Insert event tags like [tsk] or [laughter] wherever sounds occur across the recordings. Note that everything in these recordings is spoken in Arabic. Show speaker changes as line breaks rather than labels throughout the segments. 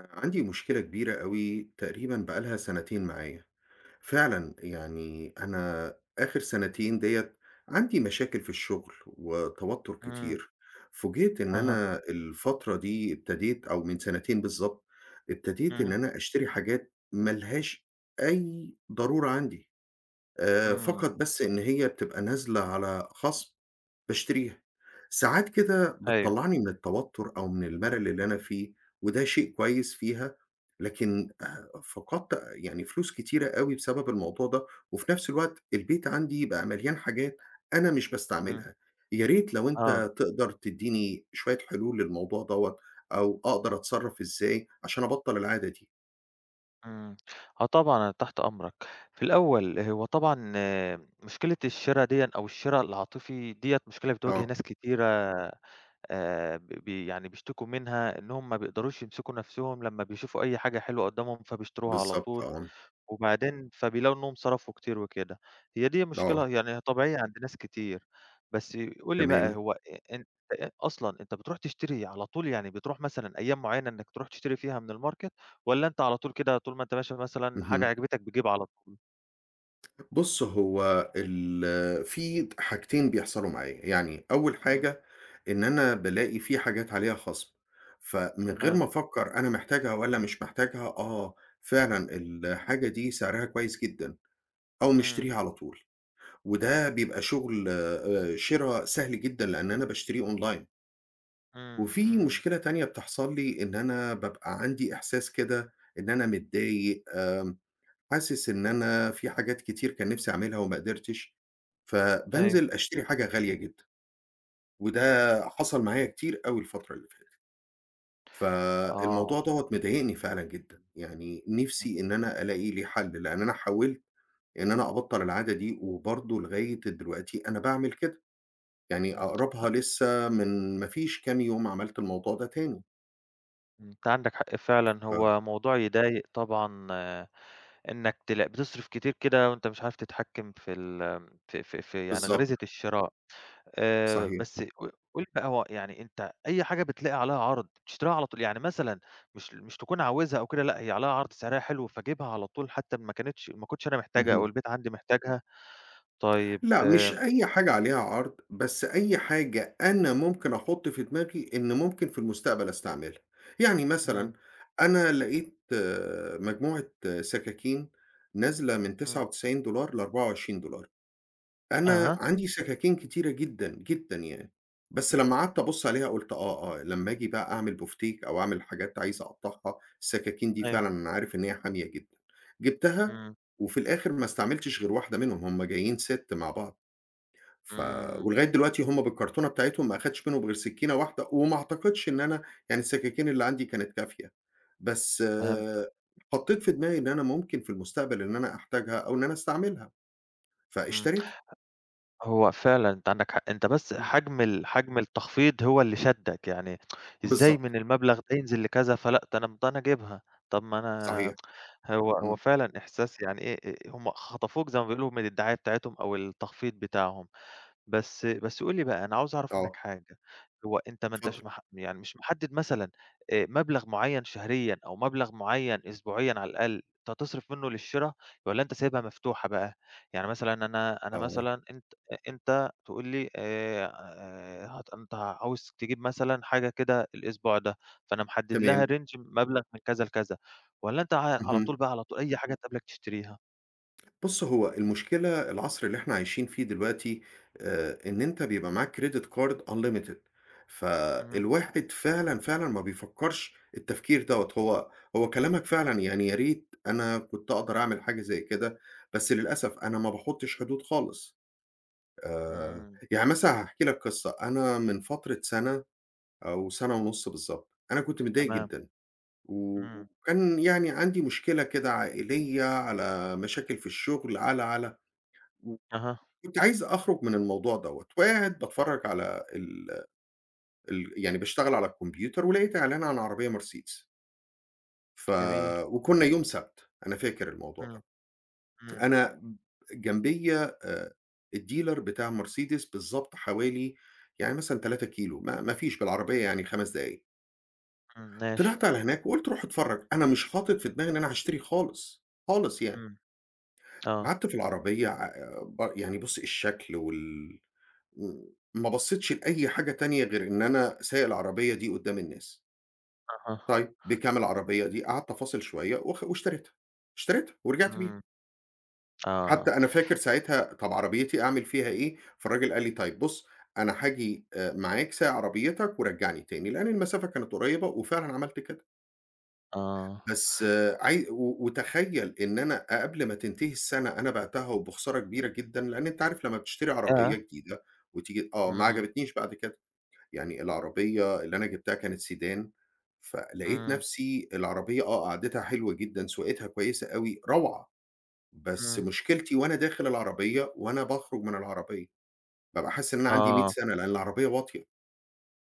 آآ عندي مشكلة كبيرة أوي تقريبًا بقى لها سَنتين معايا. فعلًا يعني أنا آخِر سَنتين ديّة عندي مشاكل في الشُغل وتوتُّر
إمم.
كتير. فوجِئت إن
أها.
أنا الفترة دي ابتديت أو من سِنتين بالضبط ابتديت إن
إمم.
أنا أشتري حاجات ما لهاش أي ضرورة عندي، آآ فقط
إمم.
بس إن هي بتبقى نازلة على خَصْم باشتريها. ساعات كده
أيوه.
بتطلّعني من التوتُّر أو من المَلَل اللي أنا فيه وده شيء كويس فيها، لكن آآ فقدت يعني فلوس كتيرة أوي بسبب الموضوع ده وفي نَفْس الوقت البيت عندي بقى مليان حاجات أنا مش
إمم.
باستعملها. يا ريت لو
آه.
أنت تقدر تدّيني شوية حلول للموضوع دوّة أو أقدر أتصرّف إزاي عشان أَبطَل العادة دي؟
إمم. آه طبعًا، أنا تحت أمرك. في الأول، هو طبعًا مشكلة الشِرا ديًّا أو الشِرا العاطفي ديّة مشكلة بتواجه
آه.
ناس كتيرة آآ ب ب يعني بيشتكوا منها إنهّم ما بيقدروش يمسكوا نَفْسهم لمّا بيشوفوا أي حاجة حلوة قُدّامهم، فبيشتروها على
بالضبط
طول
آه.
وبعدين فبيلاقوا إنّهم صرفوا كتير وكده. هي دي
آه.
مشكلة يعني هي طبيعية عند ناس كتير. بس قُل لي بقى،
تمام.
هو أ ان أ أصلًا أنت بتروح تشتري على طول؟ يعني بتروح مثلًا أيام معيّنة إنّك تروح تشتري فيها من الmarket والّا أنت على طول كده، طول ما أنت ماشي مثلًا حاجة
اهم.
عجبتك بتجيبها على ط
[tsk] بُص هو ال في حاجتين بيحصلوا معايا، يعني أوّل
امم.
حاجة إن أنا بالاقي في حاجات عليها خصم، فمن غير
تمام.
ما أفكّر أنا محتاجها والّا مش محتاجها، آه فعلًا الحاجة دي سعرها كويّس جدًا، أقوم
امم.
مشتريها على طول، وده بيبقى شغل آآ شرا سهل جدًا لأن أنا باشتريه online.
امم،
وفي
امم.
مشكلة تانية بتحصل لي، إن أنا بابقى عندي إحساس كده إن أنا متضايق، آمم حاسس إن أنا في حاجات كتير كان نفْسي أعملها وما قدرتش،
أيوه.
فبانزل أشتري حاجة غالية جدًا، وده حصل معايا كتير أوي الفترة اللي فاتت.
آه.
فالموضوع دَوّة مضايقني فعلًا جدًا، يعني نفْسي إن أنا ألاقي لي حل، لأن أنا حاولت إن أنا أبطّل العادة دي، وبرضه لغاية دلوقتي أنا باعمل كده، يعني
امم أ
أقربها لسّه من ما فيش كام يوم عملت الموضوع ده تاني.
أنت عندك حـق فعلًا،
فعلًا.
هو موضوع يضايق طبعًا إنّك تلاق بتصرّف كتير كده وأنت مش عارف تتحكّم في ال آمم ف ف في يعني
بالضبط.
غريزة الشراء. آآ
صحيح.
بس ق قٌل بقى هو يعني أنت أي حاجة بتلاقي عليها عرض بتشتريها على طول؟ يعني مثلًا مش ل مش تكون عاوزها أو كده، لأ هي عليها عرض، سعرها حلو، فاجيبها على طول حتّى إن ما كانتش ما كنتش أنا محتاجها، أو
اهم.
البيت عندي محتاجها؟ طيّب،
لأ مش
آمم
أي حاجة عليها عرض، بس أي حاجة أنا ممكن أحط في دماغي إن ممكن في المستقبل أستعملها. يعني مثلًا
امم.
أنا لقيت مجموعة سكاكين نازلة من تسعة
امم.
وتسعين دولار ل24$، أنا
أها!
عندي سكاكين كتيرة جدًا، جدًا يعني، بس
امم.
لمّا قعدت أبُص عليها قُلت آه، آه، لمّا آجي بقى أعمل بُفتيك أو أعمل حاجات عايز أقطّعها، السكاكين دي
أيوه.
فعلًا أنا عارف إن هي حامية جدًا. جِبتها
امم.
وفي الآخر ما استعملتش غير واحدة منهم، هُم جايين set مع بعض، ف
امم.
ولغاية دلوقتي هُم بالكرتونة بتاعتهم ما أخدتش منهم غير سكينة واحدة، وما أعتقدش إن أنا يعني السكاكين اللي عندي كانت كافية، بس
فهمت
حطيت في دماغي إن أنا ممكن في المستقبل إن أنا أحتاجها، أو إن أنا أستعملها،
امم. ه
فاشتريتها.
هو فعلًا أنت عندك حق، أنت بس
امم.
حجم ال حجم التخفيض هو اللي شدّك، يعني [tsk] إزاي
بالضبط.
من المبلغ ده ينزل لكذا، فلأ ده أنا امم ده أنا أجيبها، طَب ما أنا
صحيح.
هو هو
امم.
فعلًا إحساس يعني إيه أ أ هُم خطفوك زي ما بيقولوا من الدعاية بتاعتهم أو التخفيض بتاعهم. بس بس قُل لي بقى أنا عاوز أعرف منّك
آه.
حاجة، هو أنت ما أنتش
اتفضل.
مح يعني مش محدد مثلًا آآ مبلغ مُعيّن شهريًا، أو مبلغ معيّن أسبوعيًا على الأقل، أنت تصرف منّه للشراء، والّا أنت سايبها مفتوحة بقى؟ يعني مثلًا أنا أنا
آه.
مثلًا أنت أ أنت تقول لي آآ ه أنت عاوز تجيب مثلًا حاجة كده الأسبوع ده، فأنا محدد لها
تمام.
range مبلغ من كذا لكذا، والّا أنت ع على طول
اهم.
بقى على طول أي حاجة تقابلك تشتريها؟
بُصّ، هو المشكلة العصْر اللي إحنا عايشين فيه دلوقتي آآ إن أنت بيبقى معاك credit card unlimited
اهم.
فالواحد فعلًا، فعلًا ما بيفكّرش التفكير دَوَّة هو هو كلامك فعلًا، يعني يا ريت أنا كنت أقدَر أعمل حاجة زي كده، بس للأسف أنا ما باحُطّش حدود خالص. آآ
امم.
يعني مثلًا هاحكي لك قصّة، أنا من فترة سَنَة أو سَنَة ونُص بالضبط، أنا كنت متضايق
تمام.
جدًا و
امم.
وكان يعني عندي مشكلة كده عائليّة على مشاكل في الشغل على، على،
أها.
وكنت عايز أخرُج من الموضوع دَوَّة وقاعد باتفرّج على ال ال يعني باشتغل على الكمبيوتر ولقيت إعلان عن عربيّة Mercedes ف
جميل.
وكنّا يوم سبت، أنا فاكر الموضوع ده،
امم، امم.
أنا جنبيَّ آآ الdealer بتاع Mercedes بالضبط حوالي يعني مثلًا 3 كيلو، ما ما فيش بالعربيّة يعني 5 دقايق.
امم، ماشي.
طلِعت على هناك وقُلت رُوح اتفرّج، أنا مش حاطط في دماغي إن أنا هاشتري خالص، خالص يعني.
امم، آه.
قعَدت في العربية ع ب يعني بُصّ الشكل وال م ما بصّيتش لأي حاجة تانية غير إن أنا سايق العربية دي قُدّام الناس.
أها.
طيب، بكام العربيّة دي، قعَدت أفاصِل شويّة وخ واشتريتها، اشتريتها ورجِعت بيها.
امم، آه.
حتى أنا فاكر ساعتها، طَب عربيتي أعمل فيها إيه، فالراجل قال لي: "طيّب بُصّ، أنا هاجي آآ معاك سايق عربيتك ورجّعني تاني." لأن المسافة كانت قريّبة وفعلًا عملت كده.
آه.
بس عاي و وتخيّل إن أنا ق قبل ما تنتهي السَّنَة أنا بِعتها وبخسارة كبيرة جدًا، لأن أنت عارف لمّا بتشتري عربيّة
ياه!
جديدة، وتيجي آه ما
امم.
عجبتنيش بعد كده، يعني العربيّة اللي أنا جِبتها كانت sedan، فلقيت
امم.
نَفْسي العربيّة، آه قعدِتها حلوة جدًا، سواقتها كويّسة أوي روعة، بس
امم.
مشكلتي وأنا داخل العربيّة وأنا باخرج من العربيّة، بابقى حاسس إن أنا عندي مِيّة
آه.
سنة لأن العربيّة واطية.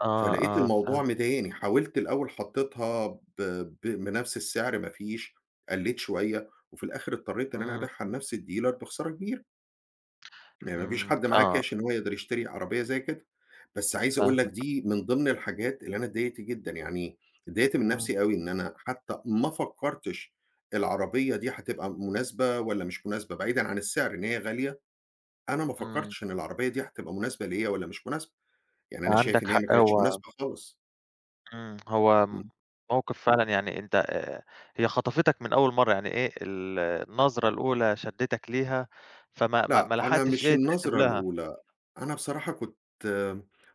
آه،
فلقيت
آه،
الموضوع
فاهمك
مضايقني، حاولت الأول حطّيتها ب ب بنَفْس السعر ما فيش، قلّيت شوية، وفي الآخِر اضطرّيت إن أنا أبيعها
امم.
لنَفْس الdealer بخسارة كبيرة. ما ما فيش
امم،
حد معاه
آه.
cash إن هو يقدَر يشتري عربيّة زي كده، بس عايز أقول لك
فاهمك.
دي من ضِمن الحاجات اللي أنا اتضايقت جدًا، يعني اتضايقت من
امم.
نَفْسي أوي إن أنا حتى ما فكّرتش، العربيّة دي هتبقى مناسبة والّا مش مناسبة بعيدًا عن السِّعر إن هي غالية، أنا ما
امم.
فكّرتش إن العربيّة دي هتبقى مناسبة ليَّ والّا مش مناسبة، يعني
أنت
أنا شايف
عندك
إن هي ما
حق،
كانتش
هو
مناسبة خالص.
امم، هو
امم.
موقِف فعلًا، يعني أنت آآ هي خطفِتَك من أول مرّة، يعني إيه ال النظرة الأولى شدّتك ليها، فما ما
لأ،
ما
أنا
لحقتش
مش
إيه، تحسِب
النظرة
لها.
الأولى. أنا بصراحة كنت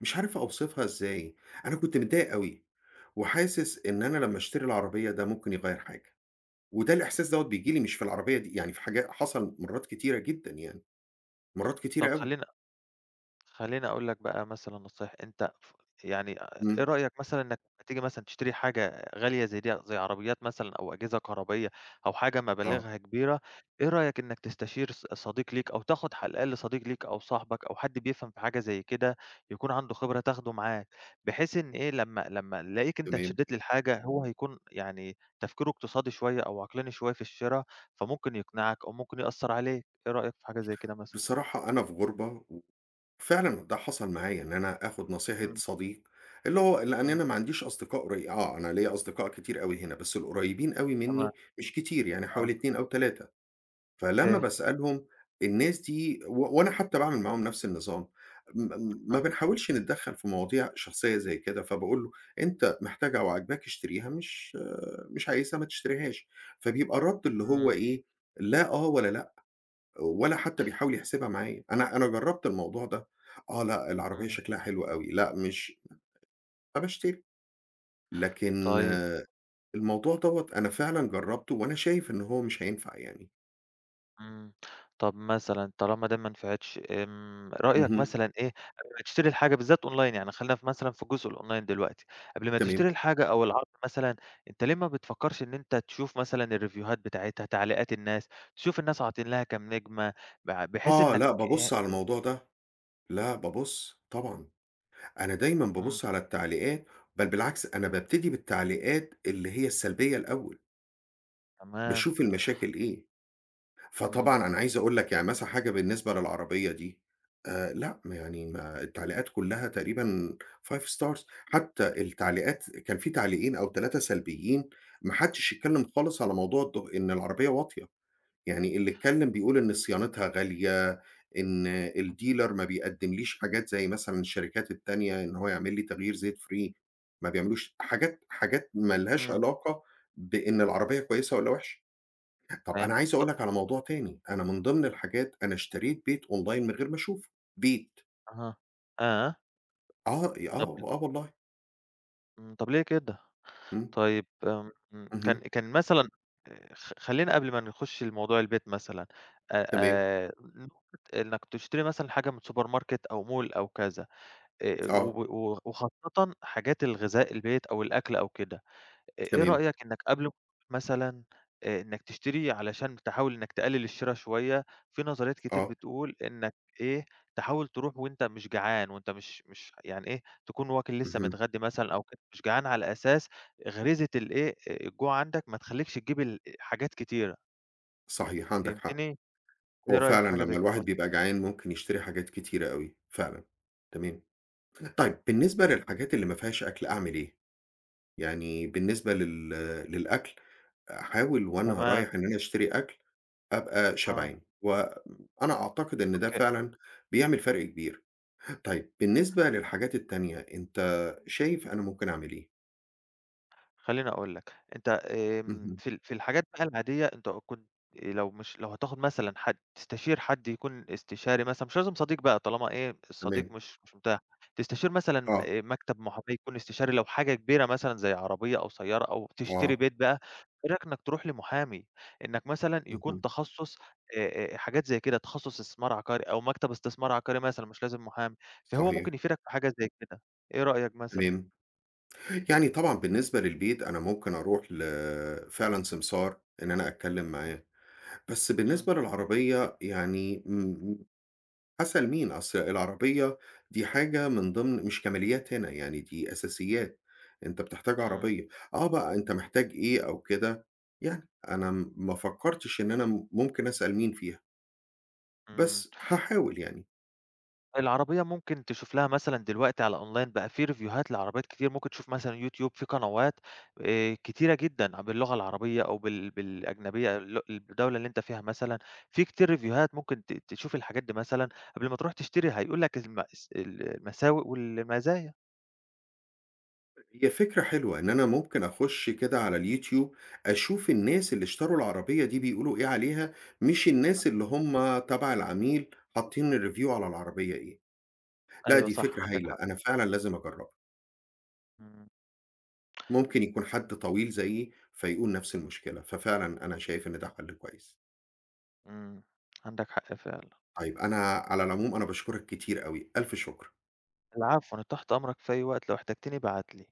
مش عارف أوصِفها إزاي؟ أنا كنت متضايق أوي، وحاسس إن أنا لمّا أشتري العربية ده ممكن يغيّر حاجة. وده الإحساس دوّة بييجي لي مش في العربية دي، يعني في حاج حصَل مرّات كتيرة جدًا يعني، مرّات
طَب
كتيرة أوي.
خلّيني خلّيني أقول لك بقى مثلًا نصايح، أنت ف يعني آآ، إيه
امم.
رأيك مثلًا إنك لما تيجي مثلًا تشتري حاجة غالية زي دي، زي عربيات مثلًا أو أجهزة كهربائية أو حاجة
آه.
مَبالغها كبيرة، إيه رأيك إنك تستشير ص صديق ليك أو تاخد على الأقل صديق ليك أو صاحبك أو حد بيفهَم في حاجة زي كده، يكون عنده خبرة تاخده معاك، بحيث إن إيه، لمّا لمّا يلاقيك أنت
تمام.
اتشدِّيت للحاجة، هو هيكون، يعني، تفكيره اقتصادي شوية أو عقلاني شوية في الشّرا، فممكن يقنِعك أو ممكن يأثّر عليك. إيه رأيك في حاجة زي كده مثلًا؟
بصراحة أنا في غُربة و فعلًا ده حصَل معايا إن أنا آخُد نصيحة
امم.
صديق، اللي هو ل لأن
امم.
أنا ما عنديش أصدقاء قري آه، أنا ليَّ أصدقاء كتير أوي هنا، بس القريّبين أوي
تمام.
منّي مش كتير، يعني حوالي
آه.
2 أو 3 فلمّا
[unintelligible]
باسألهم، الناس دي، و وأنا حتى باعمل معاهم نَفس النظام، م م ما
آه.
بنحاولش نتدخّل في مواضيع شخصية زي كده. فباقول له أنت محتاجها أو عاجباك اشتريها، مش مش عايزها، ما تشتريهاش، فبيبقى الرد اللي هو
امم.
إيه، لأ، آه، ولا لأ، ولا حتى بيحاول يحسبها معايا. أنا أنا جرّبت الموضوع ده. آه، لأ، العربية
امم.
شكلها حلو أوي، لأ مش فباشتري. لكن،
طيب.
الموضوع دوّة أنا فعلًا جرّبته، وأنا شايف إن هو مش هينفَع يعني.
امم، طب مثلًا طالما ده ما نفعتش، آمم، رأيك
اهم.
مثلًا، إيه، قبل ما تشتري الحاجة بالذات online، يعني، خلينا ف مثلًا في الجزء الonline دلوقتي، قبل ما
تمام.
تشتري الحاجة أو العرض مثلًا، أنتَ ليه ما بتفكّرش إن أنتَ تشوف مثلًا الريفيوهات بتاعتها، تعليقات الناس، تشوف الناس عاطين لها كام نجمة، بع بحيث
آه،
إنك،
لأ،
إي
بابُص على الموضوع ده. لأ، بابُص طبعًا. أنا دايمًا
امم.
بابُص على التعليقات، بل بالعكس أنا بابتدي بالتعليقات اللي هي السلبية الأول.
تمام.
باشوف المشاكل إيه.
امم.
فطبعًا أنا عايز أقول لَك، يعني مثلًا حاجة بالنسبة للعربية دي، آآ، لأ، ما يعني ما التعليقات كلها تقريبًا 5 stars حتى التعليقات كان فيه تعليقين أو 3 سلبيين، ما حدّش اتكلم خالص على موضوع الد إن العربية واطية، يعني اللي اتكلم بيقول إن صيانتها غالية، إن الdealer ما بيقدمليش حاجات زي مثلًا الشركات التانية إن هو يعملي تغيير زيت free، ما بيعملوش. حاجات حاجات ما لهاش
امم.
علاقة بإن العربية كويسة والّا وحشة. طب أنا
فهمتك
عايز
ط
أقول لَك على موضوع تاني. أنا من ضمن الحاجات، أنا اشتريت بيت online من غير ما أشوفه، بيت!
أها آه.
آه ي آه،
طَب ل
آه والله.
إمم، طَب ليه كده؟
إمم.
طيب، إمم إمم، كان
اهم.
كان مثلًا آآ، خ خلّينا قبل ما نخُش لموضوع البيت مثلًا، آآ
تمام.
آآ نقطة إنّك تشتري مثلًا حاجة من supermarket أو mall أو كذا، آآ،
آه.
و و وخاصةً حاجات الغذاء البيت أو الأكل أو كده، إ إيه
تمام.
رأيك إنك قبل [unintelligible] مثلًا آآ إنك تشتري علشان تحاول إنك تقلل الشرا شويّة، فيه نظريات كتير
آه.
بتقول إنك إيه، تحاول تروح وأنتَ مش جعان وأنتَ مش مش يعني إيه، تكون واكل لسه
اهم.
متغدّي مثلًا أو [unintelligible] مش جعان، على أساس غريزة الإيه، آآ الجوع عندك ما تخلّيكش تجيب ال حاجات كتيرة.
صحيح، عندك حق.
فهمتني؟ إيه
هو
رأيك
فعلًا
في حاجة
لمّا
زي كده
الواحد
مثلًا؟
بيبقى جعان ممكن يشتري حاجات كتيرة أوي، فعلًا. تمام. طيب بالنسبة للحاجات اللي ما فيهاش أكل أعمل إيه؟ يعني بالنسبة لل للأكل، أحاول وأنا
تمام.
رايح إن أنا أشتري أكل أبقى
آه.
شبعان. وأنا أعتقد إن ده
أوكي.
فعلًا بيعمل فرق كبير. طيب بالنسبة للحاجات التانية، أنتَ شايف أنا ممكن أعمل إيه؟
خلّيني أقول لك، أنت آمم،
اهم.
في ال في الحاجات بقى العادية أنت أ كنت آآ لو مش لو هتاخد مثلًا حد، تستشير حد يكون استشاري مثلًا، مش لازم صديق بقى طالما إيه الصديق
تمام.
مش مش متاح، تستشير مثلًا
آه.
آآ مكتب محاماة يكون استشاري لو حاجة كبيرة مثلًا زي عربية أو سيارة أو تشتري
آه.
بيت بقى، إيه رأيك إنك ترُوح لمحامي، إنك مثلًا يكون
اهم.
تخصُّص آآ آآ حاجات زي كده، تخصُّص استثمار عقاري أو مكتب استثمار عقاري مثلًا مش لازم محامي، فهو
صحيح.
ممكن يفيدك في حاجة زي كده، إيه رأيك مثلًا؟
تمام. يعني طبعًا بالنسبة للبيت أنا ممكن أرُوح ل فعلًا سمسار إن أنا أتكلّم
إمم.
معاه، بس
إمم.
بالنسبة للعربية يعني، امم امم أسأل مين؟ أصل العربية دي حاجة من ضِمن مش كماليات هنا، يعني دي أساسيات، أنت بتحتاج
إمم.
عربية، آه بقى أنت محتاج إيه أو كده يعني أنا م ما فكّرتش إن أنا م ممكن أسأل مين فيها
إمم.
بس هاحاول يعني.
العربية ممكن تشوف لها مثلًا دلوقتي على online بقى في ريفيوهات لعربيات كتير، ممكن تشوف مثلًا YouTube في قنوات آآ كتيرة جدًا ع باللغة العربية أو بال بالأجنبية لؤ الدولة اللي أنت فيها، مثلًا في كتير ريفيوهات ممكن ت تشوف الحاجات دي مثلًا قبْل ما ترُوح تشتري، هيقول لك المأس المساوئ والمزايا.
هي فكرة حلوة إن أنا ممكن أخش كده على الYouTube أشوف الناس اللي اشتروا العربية دي بيقولوا إيه عليها، مش الناس اللي هُم تبع العميل حاطّين الreview على العربية إيه. لأ
أيوه
دي
صح،
فكرة
عندك
هايلة،
حق.
أنا فعلًا لازم أجرّبها.
إمم.
ممكن يكون حد طويل زيي فيقول نَفْس المشكلة، ففعلًا أنا شايف إن ده حَل كويس.
إمم، عندك حق فعلًا.
طيب أنا على العموم أنا باشكُرك كتير أوي، ألْف شُكر.
العفو، أنا تحت أمرك في أي وقت لو احتجتني ابعت لي.